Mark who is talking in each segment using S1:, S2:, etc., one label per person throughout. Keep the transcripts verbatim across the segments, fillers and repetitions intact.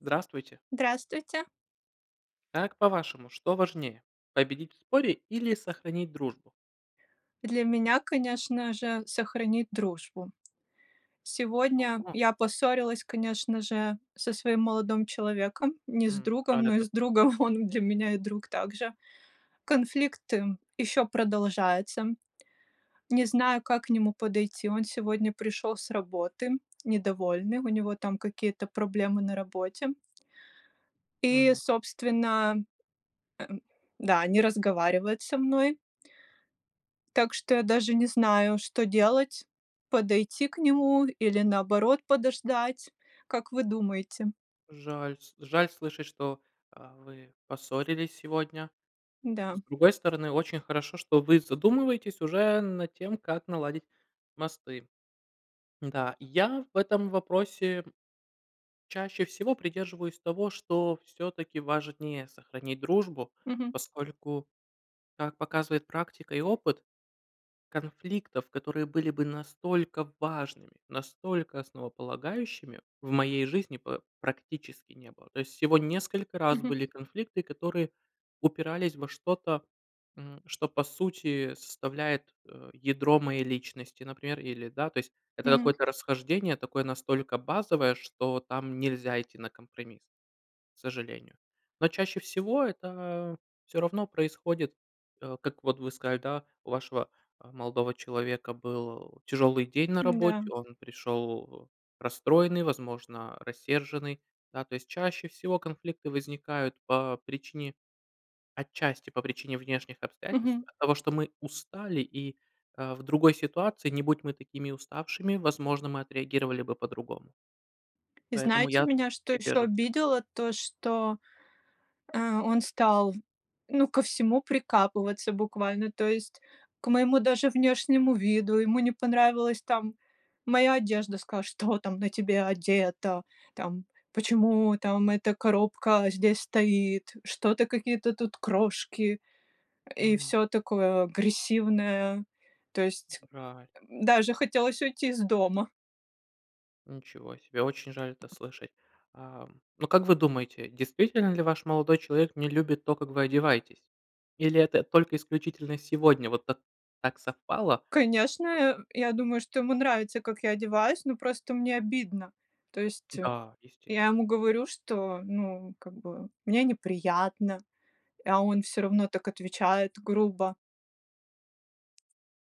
S1: Здравствуйте.
S2: Здравствуйте.
S1: Как по-вашему, что важнее победить в споре или сохранить дружбу?
S2: Для меня, конечно же, сохранить дружбу. Сегодня
S1: Ого!
S2: я поссорилась, конечно же, со своим молодым человеком, не с
S1: М,
S2: другом,
S1: рад
S2: но и
S1: это
S2: с другом,
S1: слышать.
S2: он для меня и друг также. Конфликты еще продолжаются. Не знаю, как к нему подойти. Он сегодня пришел с работы недовольный, у него там какие-то проблемы на работе. И,
S1: Мгм.
S2: собственно, м Да, не разговаривает со мной так что я даже не знаю, что делать: подойти к нему или наоборот подождать? Как вы думаете?
S1: Жаль, с жаль слышать, что, а, вы поссорились сегодня.
S2: Да.
S1: С другой стороны, очень хорошо, что вы задумываетесь уже над тем, как наладить мосты. Да, я в этом вопросе, чаще всего придерживаюсь того, что всё-таки важнее сохранить дружбу,
S2: Мгм.
S1: поскольку, как показывает практика и опыт, конфликтов, которые были бы настолько важными, настолько основополагающими в моей жизни па практически не было. То есть всего несколько раз
S2: Мгм.
S1: были конфликты, которые упирались во что-то, м, что по сути составляет, э, ядро моей личности, например, или, да, то есть это
S2: Мгм.
S1: какое-то расхождение, такое настолько базовое, что там нельзя идти на компромисс, к сожалению. Но чаще всего- это всё равно происходит, э, как вот вы сказали, да, у вашего, а, молодого человека был тяжелый день на
S2: М-да.
S1: работе, он пришел расстроенный, возможно, рассерженный. Да, то есть, чаще всего конфликты возникают по причине, отчасти, по причине внешних обстоятельств,
S2: Мгм.
S1: от того, что мы устали и, а, в другой ситуации, не будь мы такими уставшими, возможно, мы отреагировали бы по-другому.
S2: И
S1: Поэтому
S2: знаете,
S1: я
S2: меня что еще
S1: придерживаюсь это
S2: обидело? То, что, а, он стал, ну ко всему прикапываться буквально, то есть к моему даже внешнему виду, ему не понравилась там моя одежда, сказал: "Что там на тебе одето? Там почему там эта коробка здесь стоит? Что-то какие-то тут крошки?" И
S1: М.
S2: всё такое агрессивное. То есть
S1: Жаль.
S2: даже хотелось уйти из дома.
S1: Ничего себе! Очень жаль это слышать! Ам, но как вы думаете, действительно ли ваш молодой человек не любит то, как вы одеваетесь? Или это только исключительно сегодня вот так так совпало?
S2: Конечно, э, я думаю, что ему нравится, как я одеваюсь, но просто мне обидно. То есть,
S1: Да, естес
S2: я ему говорю, что ну как бы мне неприятно, а он всё равно так отвечает грубо.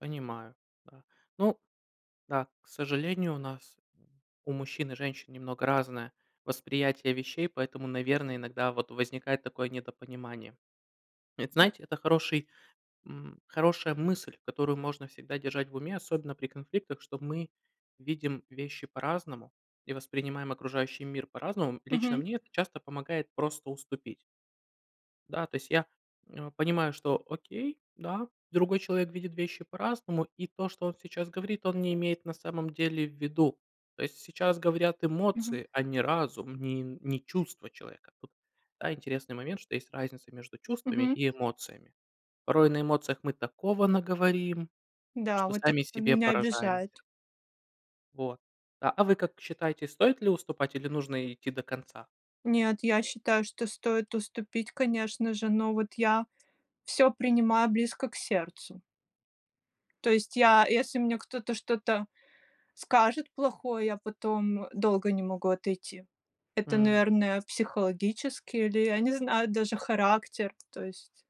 S1: Понимаю, да, ну Да. К сожалению, у нас, у мужчин и женщин, немного разное восприятие вещей, поэтому, наверное, иногда вот возникает такое недопонимание. Это, знаете, это хороший, м хорошая мысль, которую можно всегда держать в уме, особенно при конфликтах, что мы видим вещи по-разному и воспринимаем окружающий мир по-разному. Лично
S2: Мгм.
S1: мне это часто помогает просто уступить. Да, то есть я, м, а, понимаю, что окей, да, другой человек видит вещи по-разному, и то, что он сейчас говорит, он не имеет на самом деле в виду. То есть, сейчас говорят
S2: Мгм.
S1: эмоции, а не разум, не не чувства человека. Тут, да, интересный момент, что есть разница между чувствами
S2: Мгм.
S1: и эмоциями. Порой на эмоциях мы такого наговорим,
S2: Да,
S1: что
S2: вот это
S1: сами себе
S2: меня
S1: поражаемся.
S2: обижает.
S1: Вот, а а, вы как считаете, стоит ли уступать или нужно идти до конца?
S2: Нет, я считаю, что стоит уступить, конечно же, но вот я всё принимаю близко к сердцу. То есть я если мне кто-то что-то скажет плохое, я потом долго не могу отойти. Это,
S1: М.
S2: наверное, психологически или, я не знаю, даже характер. То есть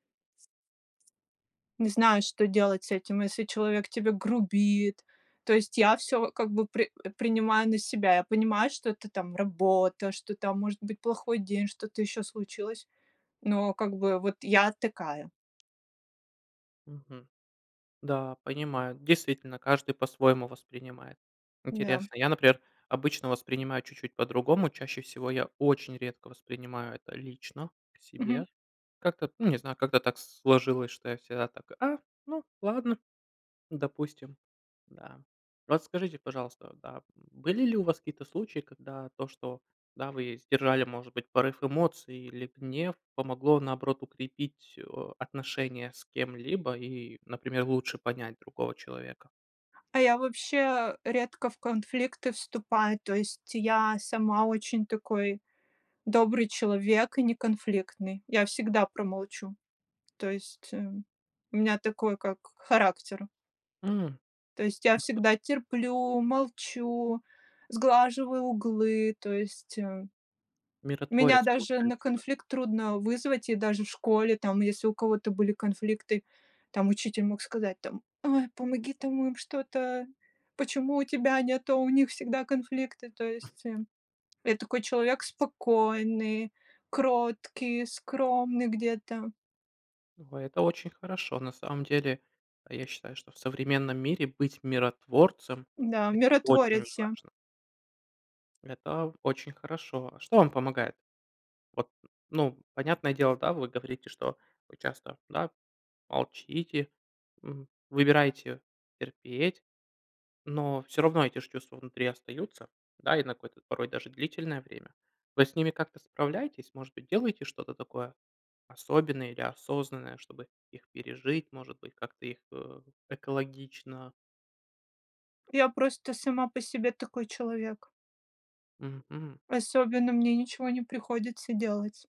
S2: Не знаю, что делать с этим, если человек тебе грубит. То есть я всё как бы при принимаю на себя, я понимаю, что это там работа, что там может быть плохой день, что-то еще случилось, но как бы вот я такая.
S1: Мгм. Да, понимаю, действительно каждый по-своему воспринимает.
S2: М-да.
S1: Интересно. Я, например, обычно воспринимаю чуть-чуть по-другому. Чаще всего я очень редко воспринимаю это лично к
S2: Мгм.
S1: себе. Как-то ну не знаю, как-то так сложилось, что я всегда так: "А, ну ладно, допустим". Да. Расскажите, пожалуйста, да, были ли у вас какие-то случаи, когда то, что да вы сдержали может быть порыв эмоций или гнев помогло наоборот укрепить, а, отношения с кем-либо и, например, лучше понять другого человека.
S2: А я вообще, редко в конфликты вступаю, то есть я сама очень такой добрый человек и не конфликтный. Я всегда промолчу, то есть, эм, у меня такой как характер
S1: М.
S2: то есть я всегда терплю, молчу, сглаживаю углы, то есть, э, меня
S1: Миротворец
S2: даже на
S1: получается вы.
S2: конфликт трудно вызвать, и даже в школе там, если у кого-то были конфликты, там учитель мог сказать там: "Ой, помоги там им что-то. Почему у тебя нету, а у них всегда конфликты?" То есть, эм, я такой человек спокойный, кроткий, скромный где-то.
S1: Ой, это очень хорошо. На самом деле, а, я считаю, что в современном мире быть миротворцем
S2: Да,
S1: это очень
S2: миротворец я.
S1: важно. Это очень хорошо. Что вам помогает? Вот, ну, понятное дело, да вы говорите, что вы часто да молчите, м, выбираете терпеть, но всё равно эти ж чувства внутри остаются, да и на какой-то порой даже длительное время. Вы с ними как-то справляетесь? Может быть, делаете что-то такое особенное или осознанное, чтобы их пережить? Может быть, как-то их, э, экологично?
S2: Я просто сама по себе такой человек.
S1: Мгм. Мгм.
S2: Особенно мне ничего не приходится делать.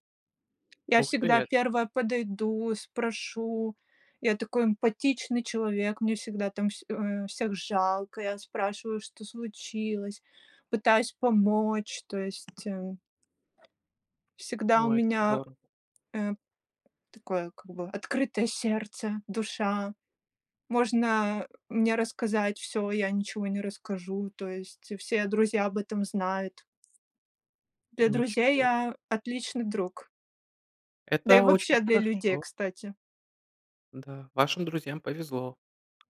S2: Я
S1: Ух ты,
S2: всегда
S1: эт
S2: первая подойду, спрошу. Я такой эмпатичный человек. Мне всегда там вс э, всех жалко, я спрашиваю: "Что случилось?" Пытаюсь помочь. То есть, эм. Всегда у
S1: Ой, это
S2: меня,
S1: здорово.
S2: э, такое как бы открытое сердце, душа. Можно, мне рассказать всё, я ничего не расскажу, то есть все друзья об этом знают. Для друзей
S1: Ничего
S2: я отличный друг. Да и
S1: Это очень
S2: вообще для людей,
S1: хорошо.
S2: кстати.
S1: Да, вашим друзьям повезло.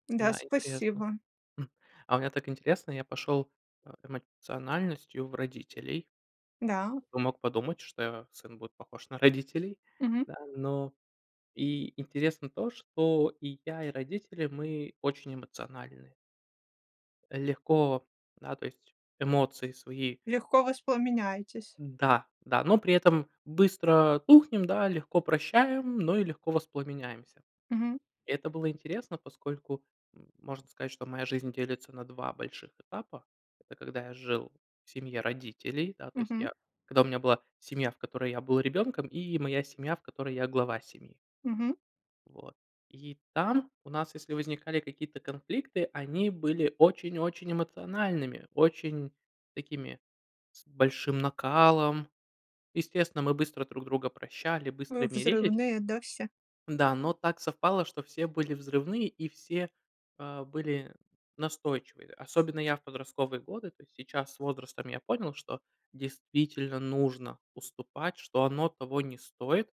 S2: Да,
S1: Да, интересно.
S2: спасибо.
S1: М. А у меня так интересно я пошел э эмоциональностью в родителей.
S2: Да.
S1: Кто бы мог подумать, что сын будет похож на родителей,
S2: Мгм.
S1: да. Но и интересно то, что и я, и родители мы очень эмоциональны. Легко. Да. То есть эмоции свои
S2: Легко воспламеняетесь.
S1: Да, да, но при этом быстро тухнем, да, легко прощаем, но и легко воспламеняемся.
S2: Мгм.
S1: Это было интересно, поскольку, м, можно сказать, что моя жизнь делится на два больших этапа. Это когда я жил в семье родителей, да, то есть
S2: Мгм.
S1: я когда у меня была семья, в которой я был ребенком, и моя семья, в которой я глава семьи.
S2: Мгм.
S1: Вот. И там у нас, если возникали какие-то конфликты, они были очень-очень эмоциональными, очень такими с большим накалом. Естественно, мы быстро друг друга прощали,
S2: Вы
S1: быстро мирились.
S2: взрывные, да, все?
S1: Да, но так совпало, что все были взрывные и все, а, были настойчивые. Особенно я в подростковые годы, то есть сейчас с возрастом я понял, что действительно нужно уступать, что оно того не стоит.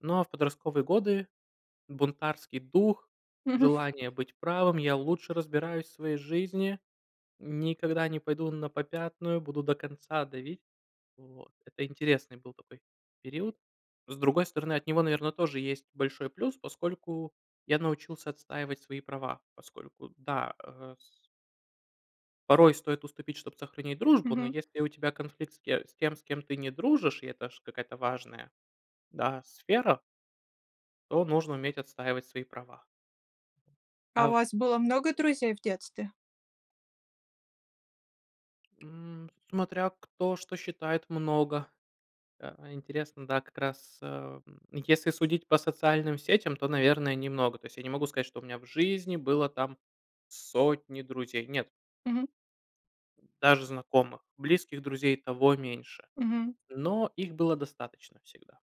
S1: Ну, а в подростковые годы бунтарский дух,
S2: Мгм.
S1: желание быть правым: "Я лучше разбираюсь в своей жизни. Никогда не пойду на попятную. Буду до конца давить". Вот. Это интересный был такой период. С другой стороны, от него, наверно, тоже есть большой плюс, поскольку я научился отстаивать свои права. Поскольку, да, а с Порой стоит уступить, чтоб сохранить дружбу, но
S2: Мгм.
S1: если у тебя конфликт с те с тем, с кем ты не дружишь и это ж какая-то важная да сфера то нужно уметь отстаивать свои права.
S2: А
S1: А
S2: у
S1: в
S2: вас было много друзей в детстве?
S1: М. Смотря, кто что считает много. Э, интересно, да, как раз, э, м, если судить по социальным сетям, то, наверное, немного. То есть я не могу сказать, что у меня в жизни было там сотни друзей. Нет.
S2: Мгм.
S1: Даже знакомых. Близких друзей и того меньше.
S2: Мгм.
S1: Но их было достаточно всегда.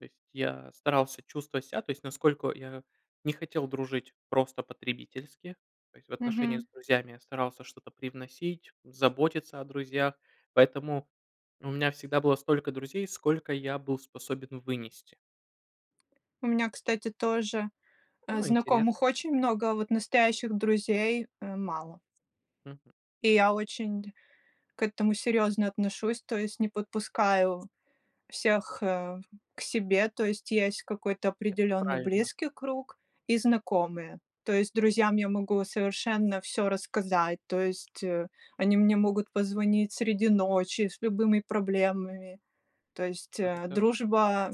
S1: То есть я старался чувствовать ся. То есть насколько я не хотел дружить просто потребительски, то есть в отношениях
S2: Мгм.
S1: с друзьями я старался что-то привносить, заботиться о друзьях. Поэтому у меня всегда было столько друзей, сколько я был способен вынести.
S2: У меня, кстати, тоже, э,
S1: Ну,
S2: знакомых
S1: интересно.
S2: очень много, а вот настоящих друзей, э, мало.
S1: Мгм.
S2: И я очень к этому серьезно отношусь, то есть не подпускаю всех, э, к себе. То есть есть какой-то
S1: Это
S2: определенный
S1: правильно.
S2: близкий круг и знакомые. То есть друзьям я могу совершенно всё рассказать, то есть, э, они мне могут позвонить среди ночи с любыми проблемами. То есть,
S1: А
S2: э,
S1: это
S2: дружба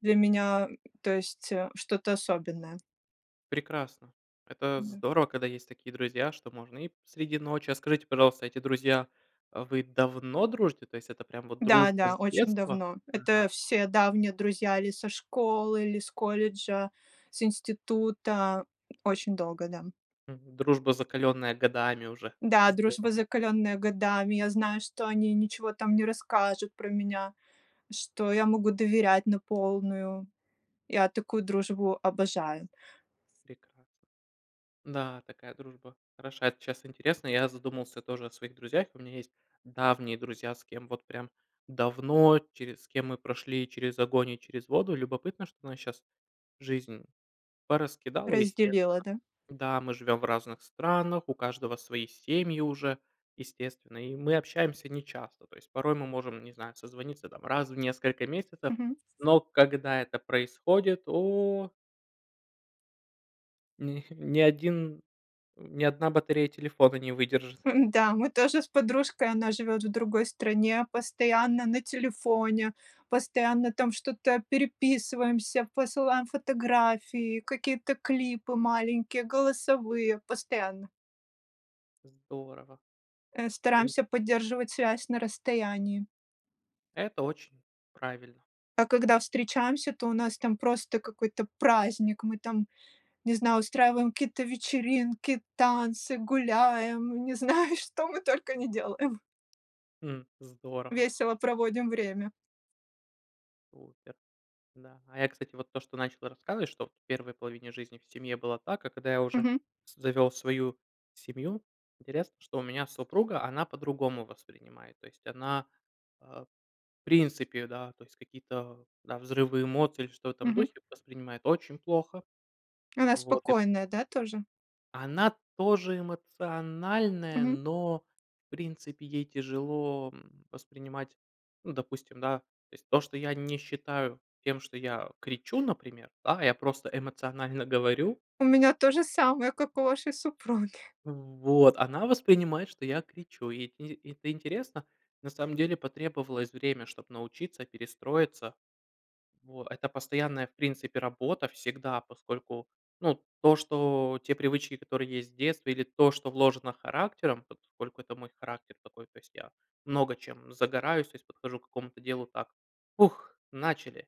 S2: для меня, м, то есть, э, что-то особенное.
S1: Прекрасно! Это
S2: М-да.
S1: здорово, когда есть такие друзья, что можно и среди ночи А скажите, пожалуйста, эти друзья, вы давно дружите? То есть это прям вот
S2: Да,
S1: дружба
S2: да,
S1: с
S2: очень
S1: детства?
S2: давно.
S1: Ага.
S2: Это все давние друзья или со школы, или с колледжа, с института. Очень долго, да.
S1: М. Дружба, закаленная годами уже.
S2: Да,
S1: Здорово.
S2: дружба, закаленная годами. Я знаю, что они ничего там не расскажут про меня, что я могу доверять на полную. Я такую дружбу обожаю.
S1: Прекрасно. Да, такая дружба хороша. Это щас интересно. Я задумался тоже о своих друзьях. И у меня есть давние друзья, с кем вот прям давно, через с кем мы прошли через огонь и через воду. Любопытно, что нас щас жизнь пораскидала,
S2: Разделила,
S1: естественно.
S2: да?
S1: Да, мы живем в разных странах, у каждого свои семьи уже, естественно, и мы общаемся нечасто. То есть порой мы можем, не знаю, созвониться, там, раз в несколько месяцев,
S2: Мгм.
S1: но когда это происходит- о! Ни ни один м, ни одна батарея телефона не выдержит.
S2: Да, мы тоже с подружкой- она живет в другой стране- постоянно на телефоне, постоянно, там, что-то переписываемся, посылаем фотографии, какие-то клипы маленькие, голосовые, постоянно.
S1: Здорово.
S2: Э,
S1: Ин
S2: стараемся поддерживать связь на расстоянии.
S1: Это очень правильно.
S2: А когда встречаемся, то у нас там просто какой-то праздник, мы там, не знаю, устраиваем какие-то вечеринки, танцы, гуляем, не знаю, что мы только не делаем.
S1: М. Здорово.
S2: Весело проводим время.
S1: Супер, да. А я, кстати, вот то, что начал рассказывать, что в первой половине жизни в семье было так, а когда я уже
S2: Мгм.
S1: с завел свою семью, интересно, что у меня супруга- она по-другому воспринимает, то есть она, а, в принципе, да, то есть какие-то, да, взрывы эмоций или что в этом духе, до
S2: Мгм.
S1: сих пор воспринимает очень плохо.
S2: Она
S1: Вот, и
S2: спокойная, да, тоже?
S1: Она тоже эмоциональная,
S2: Мгм.
S1: но, в принципе, ей тяжело, м, воспринимать, ну, допустим, да, то есть то, что я не считаю тем, что я кричу, например, да, я просто эмоционально говорю.
S2: У меня то же самое, как у вашей супруги.
S1: В вот, она воспринимает, что я кричу. Ит из и это интересно. На самом деле, потребовалось время, чтоб научиться, перестроиться. Во, это постоянная, в принципе, работа всегда, поскольку, ну, то что те привычки, которые есть в детстве, или то, что вложено характером, поскольку это мой характер такой, то есть я много чем загораюсь, то есть подхожу к какому-то делу так: ух, начали!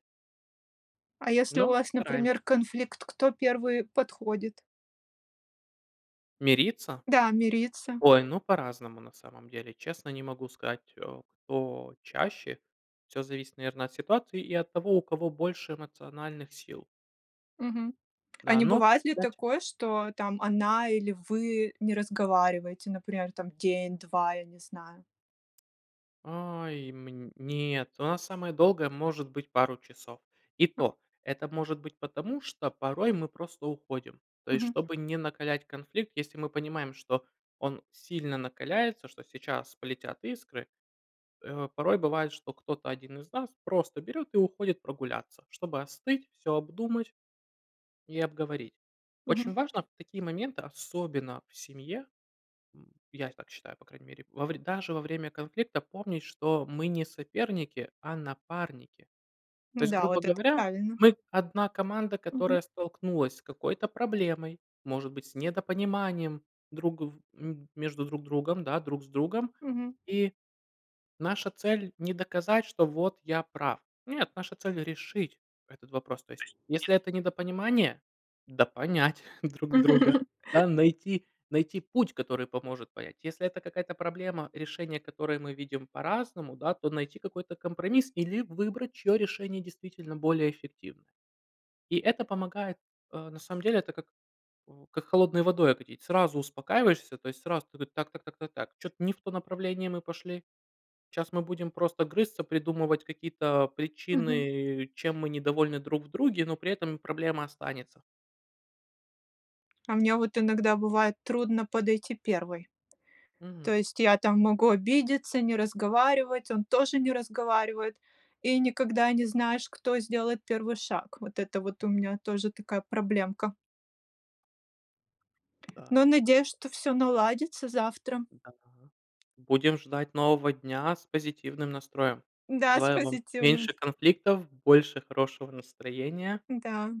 S2: А если у
S1: Но
S2: вас,
S1: стараемся.
S2: например, конфликт, кто первый подходит?
S1: Мириться?
S2: Да, мириться.
S1: Ой, ну, по-разному, на самом деле. Честно, не могу сказать, э, кто чаще. Всё зависит, наверное, от ситуации и от того, у кого больше эмоциональных сил.
S2: Мгм. А
S1: Да,
S2: не
S1: но
S2: бывает ли
S1: кстати
S2: такое, что, там, она или вы не разговариваете, например, там, день, два, я не знаю?
S1: Ай, мн нет, у нас самое долгое, может быть, пару часов. И
S2: А.
S1: то, это может быть потому, что порой мы просто уходим. То есть,
S2: Мгм.
S1: чтобы не накалять конфликт, если мы понимаем, что он сильно накаляется, что сейчас полетят искры, э, порой бывает, что кто-то один из нас просто берёт и уходит прогуляться, чтобы остыть, всё обдумать и обговорить. Очень
S2: Мгм.
S1: важно в такие моменты, особенно в семье- м, я так считаю, по крайней мере- во вре даже во время конфликта помнить, что мы не соперники, а напарники. То есть,
S2: Да,
S1: грубо
S2: вот это
S1: говоря,
S2: правильно.
S1: мы одна команда,
S2: Мгм.
S1: которая столкнулась с какой-то проблемой, может быть, с недопониманием друг в м между друг другом, да, друг с другом,
S2: Мгм.
S1: и наша цель не доказать, что вот я прав. Нет, наша цель решить этот вопрос. То есть если это недопонимание- допонять друг друга, да, найти найти путь, который поможет понять. Если это какая-то проблема, решение которой мы видим по-разному, да, то найти какой-то компромисс или выбрать, чье решение действительно более эффективное. И это помогает, э, на самом деле, это как в как холодной водой окатить. Сразу успокаиваешься, то есть сразу ты: так так так так так, чё-то не в то направление мы пошли. Щас мы будем просто грызться, придумывать какие-то
S2: Мгм.
S1: причины, чем мы недовольны друг в друге, но при этом проблема останется.
S2: А мне вот иногда бывает трудно подойти первой. То
S1: Мгм.
S2: есть я там могу обидеться, не разговаривать, он тоже не разговаривает, и никогда не знаешь, кто сделает первый шаг. Вот это вот у меня тоже такая проблемка.
S1: Да.
S2: Но надеюсь, что всё наладится завтра.
S1: Да. Будем ждать нового дня с позитивным настроем.
S2: Да, с
S1: Желаю вам
S2: позитивным.
S1: меньше конфликтов, больше хорошего настроения.
S2: Да.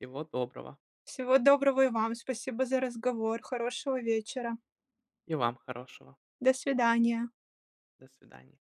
S1: Всего доброго.
S2: Всего доброго и вам. Спасибо за разговор. Хорошего вечера.
S1: И вам хорошего.
S2: До свидания.
S1: До свидания.